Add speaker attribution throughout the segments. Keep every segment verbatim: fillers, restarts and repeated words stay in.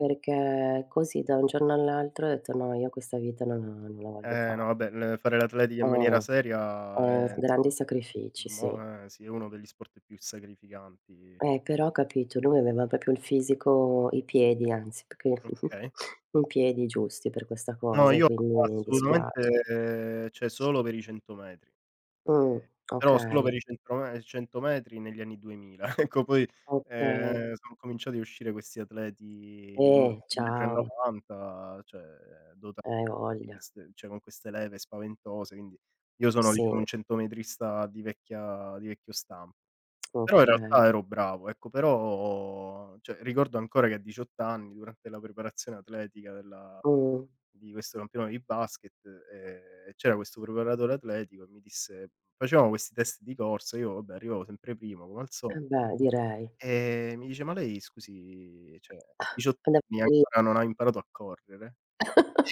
Speaker 1: Perché così, da un giorno all'altro, ho detto: “No, io questa vita non la non la voglio
Speaker 2: Eh no
Speaker 1: fare.”
Speaker 2: vabbè, le fare l'atletica in maniera
Speaker 1: Eh.
Speaker 2: seria
Speaker 1: Eh,
Speaker 2: è insomm
Speaker 1: grandi
Speaker 2: un
Speaker 1: sacrifici, sì.
Speaker 2: mo eh sì, è uno degli sport più sacrificanti.
Speaker 1: E però, capito; lui aveva propo il fisico, i piedi anzi, più che
Speaker 2: Okay.
Speaker 1: i piedi giusti per questa
Speaker 2: No,
Speaker 1: cosa, e
Speaker 2: io
Speaker 1: quindi mi dispiace.
Speaker 2: assolutamente, ceh solo per i cento metri.
Speaker 1: Uhm,
Speaker 2: Ehm, però solo
Speaker 1: okay.
Speaker 2: per i cento me cento metri negli anni duemila; ecco poi,
Speaker 1: Okay.
Speaker 2: ehm, sono cominciati a uscire questi atleti di un m un
Speaker 1: Eh,
Speaker 2: metro e
Speaker 1: ciao.
Speaker 2: novanta, cioè, dotati
Speaker 1: Hai
Speaker 2: di
Speaker 1: voglia.
Speaker 2: queste ceh, dota [unintelligible] ceh con queste leve spaventose, quindi, io sono diciamo
Speaker 1: Sì.
Speaker 2: un centometrista di vecchia di vecchio stam Però in
Speaker 1: Okay.
Speaker 2: realtà ero bravo, ecco; però, ceh ricordo ancora che a diciott anni, durante la preparazione atletica della
Speaker 1: Uhm.
Speaker 2: di questo campionato di basket, ehm, c'era questo preparatore atletico e mi disse facevamo questi test di corsa, io vabbè arrivavo sempre prima come al so
Speaker 1: Eh beh, direi.
Speaker 2: e mi dice: “Ma lei, scusi, ceh, diciott anni
Speaker 1: [unintelligible]
Speaker 2: ancora non ha imparato a correre?” Io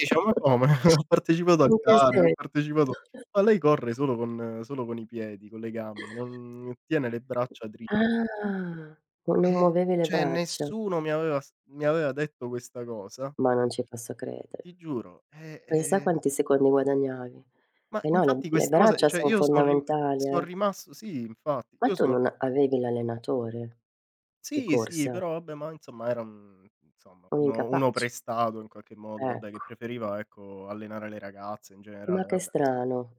Speaker 2: dicevo: “Ma come? Ho partecipato a
Speaker 1: Anche
Speaker 2: gare, ho
Speaker 1: se.
Speaker 2: partecipato” “Ma lei corre solo con solo con i piedi, con le gambe, non tiene le braccia dritte.”
Speaker 1: Ah. No non
Speaker 2: Eh,
Speaker 1: muovevi le
Speaker 2: ceh
Speaker 1: braccia.
Speaker 2: nessuno mi aveva s mi aveva detto questa cosa.
Speaker 1: Ma non ci posso credere.
Speaker 2: Ti giuro, eh,
Speaker 1: Pensa
Speaker 2: eh-eh.
Speaker 1: quanti secondi guadagnavi.
Speaker 2: Ma
Speaker 1: E no, le m
Speaker 2: infatti
Speaker 1: le
Speaker 2: questa cosa
Speaker 1: braccia
Speaker 2: ceh
Speaker 1: son
Speaker 2: io so' rim
Speaker 1: fondamentali,
Speaker 2: so'
Speaker 1: eh.
Speaker 2: rimasto sì infatti.
Speaker 1: Ma
Speaker 2: Io
Speaker 1: tu
Speaker 2: so
Speaker 1: non avevi l'allenatore? Di
Speaker 2: Sì sì,
Speaker 1: corsa?
Speaker 2: però abbè ma insomma era un insomma
Speaker 1: Un
Speaker 2: uno uno
Speaker 1: incapace.
Speaker 2: prestato in qualche modo, abbè che
Speaker 1: Ecco.
Speaker 2: preferiva ecco allenare le ragazze in
Speaker 1: Ma
Speaker 2: generale
Speaker 1: che
Speaker 2: vabbè, nsom
Speaker 1: strano.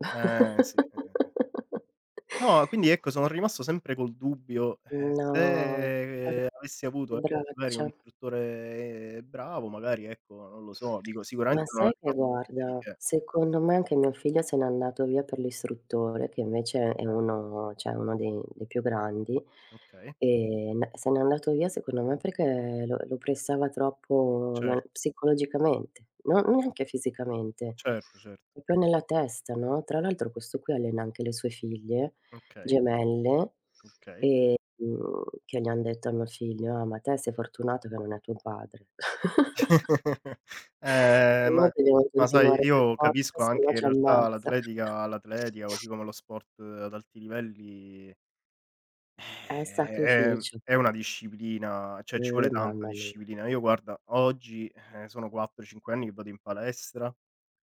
Speaker 2: Eh sì, eh, eh, eh. No, quindi ecco sono rimasto sempre col dubbio: eh,
Speaker 1: No.
Speaker 2: se avessi avuto
Speaker 1: Ave le
Speaker 2: magari un
Speaker 1: braccia.
Speaker 2: istruttore bravo, magari ecco, non lo so, dico
Speaker 1: Ma,
Speaker 2: sicuramente non
Speaker 1: sai
Speaker 2: avrei
Speaker 1: che
Speaker 2: fatto niente di
Speaker 1: guarda,
Speaker 2: che.
Speaker 1: secondo me anche mio figlio se n'è andato via per l'istruttore, che invece è
Speaker 2: Eh.
Speaker 1: uno ceh uno dei dei più grandi.
Speaker 2: Okay.
Speaker 1: E n se n'è andato via, secondo me, perché lo lo pressava troppo
Speaker 2: Cert
Speaker 1: nel psicologicamente, non neanche fisicamente,
Speaker 2: Certo, certo.
Speaker 1: propo nella testa, no. Tra l'altro questo qui allena anche le sue figlie
Speaker 2: Okay.
Speaker 1: gemelle,
Speaker 2: Okay.
Speaker 1: ehm, che gli han detto a mio figlio: “Ah, ma te sei fortunato che non è tuo padre”.
Speaker 2: Eh
Speaker 1: Noi
Speaker 2: ma
Speaker 1: dobbiamo
Speaker 2: ma sai,
Speaker 1: continuare per
Speaker 2: io
Speaker 1: forza
Speaker 2: capisco
Speaker 1: senno
Speaker 2: anche in
Speaker 1: ci
Speaker 2: realtà
Speaker 1: ammazza.
Speaker 2: l'atletica l'atletica, così come lo sport ad alti livelli
Speaker 1: È
Speaker 2: è è mhmm,
Speaker 1: sacrificio.
Speaker 2: è una disciplina, ceh ci
Speaker 1: Eh,
Speaker 2: vuole tanta
Speaker 1: mamma mia.
Speaker 2: disciplina. Io guarda oggi, ehm, sono quattro cinque anni che vado in palestra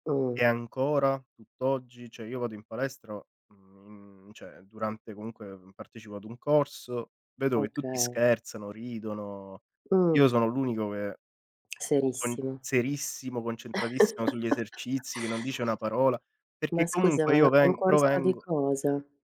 Speaker 1: Mh.
Speaker 2: e ancora tutt'oggi ceh io vado in palestra mhmm, ceh, durante, comunque, mhmm, partecipo ad un corso, vedo che tutti
Speaker 1: Okay.
Speaker 2: scherzano, ridono.
Speaker 1: Uhm.
Speaker 2: Io sono l'unico che con
Speaker 1: Serissimo.
Speaker 2: serissimo, concentratissimo sugli esercizi, che non dice una parola, perché
Speaker 1: Ma scusa,
Speaker 2: comunque
Speaker 1: ma è un
Speaker 2: io
Speaker 1: un
Speaker 2: veng
Speaker 1: corso' di
Speaker 2: provengo
Speaker 1: cosa?